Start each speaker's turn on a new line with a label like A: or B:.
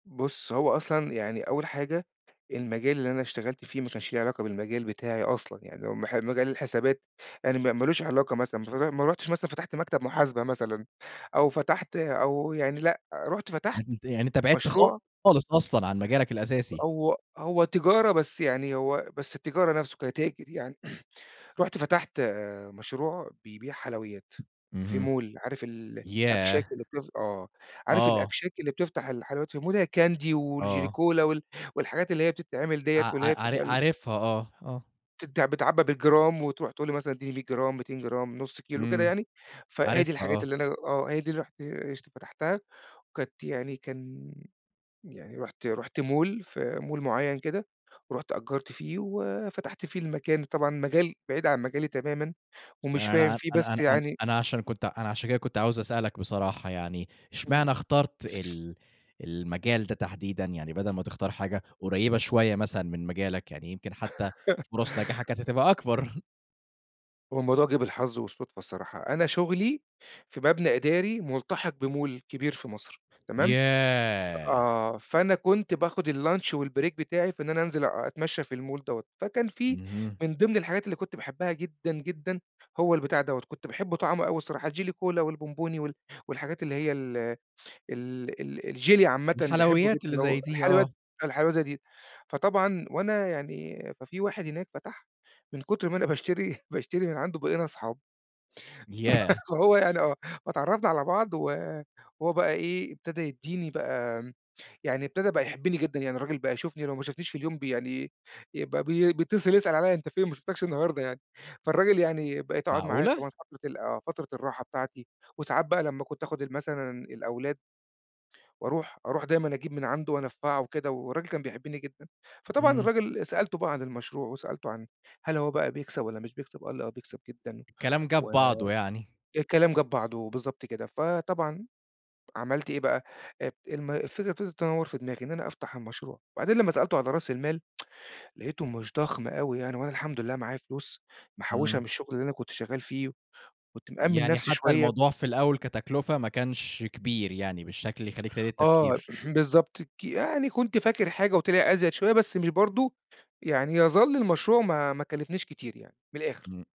A: بُص هو أصلًا يعني، أول حاجة المجال اللي أنا اشتغَلت فيه ما كانش ليه علاقة بالمجال بتاعي أصلًا، يعني اللي هو م مجال الحسابات يعني، ما ما لوش علاقة مثلًا، ما ما رُحتش مثلًا فتَحت مكتب محاسبة مثلًا، أو فتَحت أو يعني لأ، رُحت فتَحت
B: يعني أنت يعني أنت بعدْت
A: مشروع
B: خالص أصلًا عن مجالك الأساسي.
A: هو هو تجارة بس يعني هو بس التجارة نَفْسه كتاجِر يعني، رُحت فتَحت آآ، مشروع بيبيع حلويات في
B: اهم.
A: mall. عارِف ال الأكشاك
B: ياه!
A: اللي بت آه، عارِف
B: آه.
A: الأكشاك اللي بتفتَح الحلويات في mall؟ هي candy والJelly
B: آه.
A: Cola وال والحاجات اللي هي بتتعمَل
B: ع
A: ديّة، واللي هي
B: ع عار
A: بتبقى ال
B: عارفها آه، آه.
A: بتت بتتعبَّى بالجرام، وترُوح تقول لي مثلًا: "ادِّيني 100 جرام، 200 جرام، 0.5 كيلو وكده
B: إمم،
A: يعني."، فهي دي
B: عارفها
A: الحاجات
B: آه.
A: اللي أنا آه، هي دي اللي رُحت اشت فتَحتها. وكانت يعني كان يعني رُحت رُحت mall، في mall معيَّن كده، ورُحت أجَّرت فيه وفتَحت فيه المكان. طبعًا مجال بعيد عن مجالي تمامًا ومش
B: أنا
A: فاهِم
B: أنا
A: فيه، بس
B: أنا أنا
A: يعني
B: أنا عشان كنت أنا عشان كده كنت عاوز أسألك بصراحة يعني
A: إمم.
B: اشمعنا اخترت ال المجال ده تحديدًا يعني بدَل ما تختار حاجة قُريبة شوية مثلًا من مجالك؟ يعني يمْكِن حتى فرص نجاحها كانت هتبقى أكبر.
A: هو الموضوع جه بالحظ والصُدفة الصراحة. أنا شغلي في مبنى إداري ملتحق بmall كبير في مصر، تمام؟ ف
B: ياه!
A: آه، فأنا كنت باخد الlunch والbreak بتاعي في إن أنا أنزِل أ أتمشّى في الmall دوّة، فكان في
B: اهم.
A: من ضمن الحاجات اللي كنت باحبها جدًا، جدًا هو البتاع دوّة، كنت باحب طعمه أوي الصراحة الJelly Cola والبومبوني وال والحاجات اللي هي ال ال ال الجيلي عامةً باحبه جدًا
B: الحلويات اللي
A: اللي هو
B: زي دي،
A: الحلويات
B: آه.
A: الحلاوة اللي زي دي. فطبعًا وأنا يعني ففي واحد هناك فتح من كُتر ما أنا باشتري باشتري من عنده بقينا أصحاب.
B: ياه!
A: فهو يعني آه، فاتعرّفنا على بعض و وهو بقى إيه ابتدا يدّيني بقى آمم يعني ابتدا بقى يحبني جدًا، يعني الراجل بقى يشوفني لو ما شافنيش في اليوم ب يعني يبقى بي بيتصل يسأل عليّا: "أنت فين ما شُفتكش النهاردة يعني." فالراجل يعني بقيت أقعد معاه
B: معقولة؟!
A: طبعًا فترة ال آه، فترة الراحة بتاعتي، وساعات بقى لمّا كنت آخد ال مثلًا الأولاد وأرُوح أرُوح دايمًا أجيب من عنده وأنفّعه وكده والراجل كان بيحبني جدًا. فطبعًا
B: إمم.
A: الراجل سألته بقى عن المشروع، وسألته عن هل هو بقى بيكسَب والّا مش بيكسَب، قال لي: "آه بيكسَب جدًا."،
B: الكلام
A: و
B: جاب بعضه يعني.
A: الكلام جاب بعضه، بالضبط كده فطبعًا عملْت إيه بقى؟ الم الفكرة ابتدت تنوّر في دماغي إن أنا أفتح المشروع، وبعدين لمّا سألته على راس المال لقيته مش ضخم أوي يعني، وأنا الحمد لله معايا فلوس محوّشها
B: إمم.
A: من الشغل اللي أنا كنت شغال فيه، كنت مأمّن
B: يعني
A: نِفْسي
B: حتى
A: شوية.
B: الموضوع في الأول كتكلفة ما كانش كبير يعني، بالشكل اللي يخلّيك تعِيد
A: آه،
B: التفكير.
A: بالضبط ك يعني كنت فاكر حاجة وطِلع أزيد شوية بس مش برضه يعني يظلّ المشروع ما ما كلّفنيش كتير يعني من الآخر.
B: إمم.